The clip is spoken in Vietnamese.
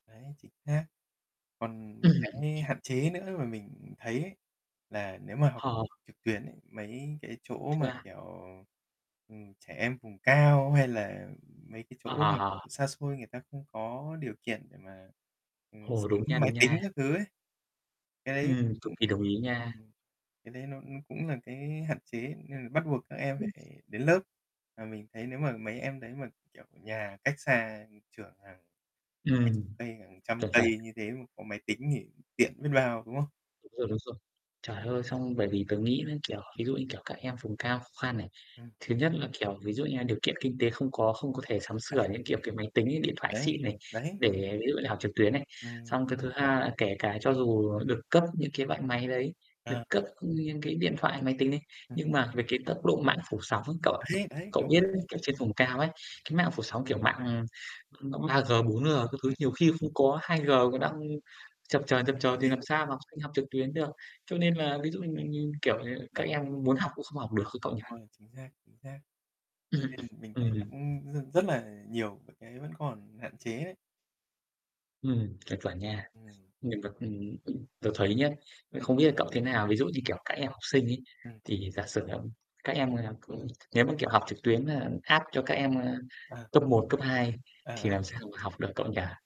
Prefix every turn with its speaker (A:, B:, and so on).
A: Đấy, chính xác. Còn một
B: Ừm.
A: cái hạn chế nữa mà mình thấy ấy là nếu mà học
B: Ờ.
A: trực tuyến ấy, mấy cái chỗ mà,
B: Yeah.
A: kiểu, ừm, trẻ em vùng cao hay là mấy cái chỗ
B: Ờ,
A: mà
B: ờ, ờ.
A: tận xa xôi người ta không có điều kiện để mà, ừm,
B: Ồ,
A: sắm
B: đúng nha,
A: máy
B: đúng
A: tính
B: nha.
A: các thứ ấy. Cái đấy
B: Ừm, cực
A: ưm,
B: kỳ đồng ý nha.
A: ừm, cái đấy nó nó cũng là cái hạn chế nên là bắt buộc các em phải đến lớp. Mà mình thấy nếu mà mấy em đấy mà, kiểu, nhà cách xa trường hàng hàng
B: Ừm,
A: chục cây, hàng trăm
B: chuẩn,
A: cây
B: chuẩn.
A: như thế mà có máy tính thì tiện biết bao, đúng không?
B: Đúng rồi, đúng rồi. Trời ơi, xong bởi vì tớ nghĩ nó, kiểu, ví dụ như, kiểu, các em vùng cao khó khăn này.
A: Ừm.
B: Thứ nhất là, kiểu, ví dụ như là điều kiện kinh tế không có, không có thể sắm
A: Ừ, đấy.
B: sửa những, kiểu, cái máy tính ấy, điện thoại
A: Đấy,
B: xịn này
A: đấy.
B: để ví dụ như học trực tuyến này.
A: Ừm.
B: Xong cái thứ hai kể cả cho dù được cấp những cái loại máy đấy, được
A: À.
B: cấp những cái điện thoại, máy tính đấy,
A: Ừm.
B: nhưng mà về cái tốc độ mạng phủ sóng ấy cậu ạ.
A: Đấy, đấy,
B: Cậu
A: đúng
B: biết
A: rồi đấy.
B: ở trên vùng cao ấy, cái mạng phủ sóng kiểu mạng mạng 3G, 4G các thứ
A: Ừm, ừm,
B: nhiều
A: ừm.
B: khi không có, 2G còn đang chập chờn, chập
A: Hợp
B: chờn thì
A: lý
B: làm
A: luôn.
B: sao mà học sinh học trực tuyến được. Cho nên là ví dụ như mình mình kiểu, ờ, các
A: Đó.
B: em muốn học cũng không học được ấy cậu nhỉ?
A: Đúng rồi, chính xác, chính xác. Thế
B: Ừm,
A: nên mình thấy nó
B: ừm.
A: cũng r rất là nhiều và cái vẫn còn hạn chế đấy.
B: Ừm, chuẩn, chuẩn nha.
A: Ừm.
B: Mình còn ừm, ừm, tớ thấy nhá nên
A: Ừm.
B: không biết là cậu thế nào. Ví dụ như, kiểu, các em học sinh ấy,
A: Ừm.
B: thì giả sử, ừm, các em là ừ nếu mà, kiểu, học trực tuyến, a, hát cho các em, ơ,
A: À.
B: cấp 1, cấp 2
A: À,
B: thì
A: à.
B: làm sao mà học được cậu nhỉ?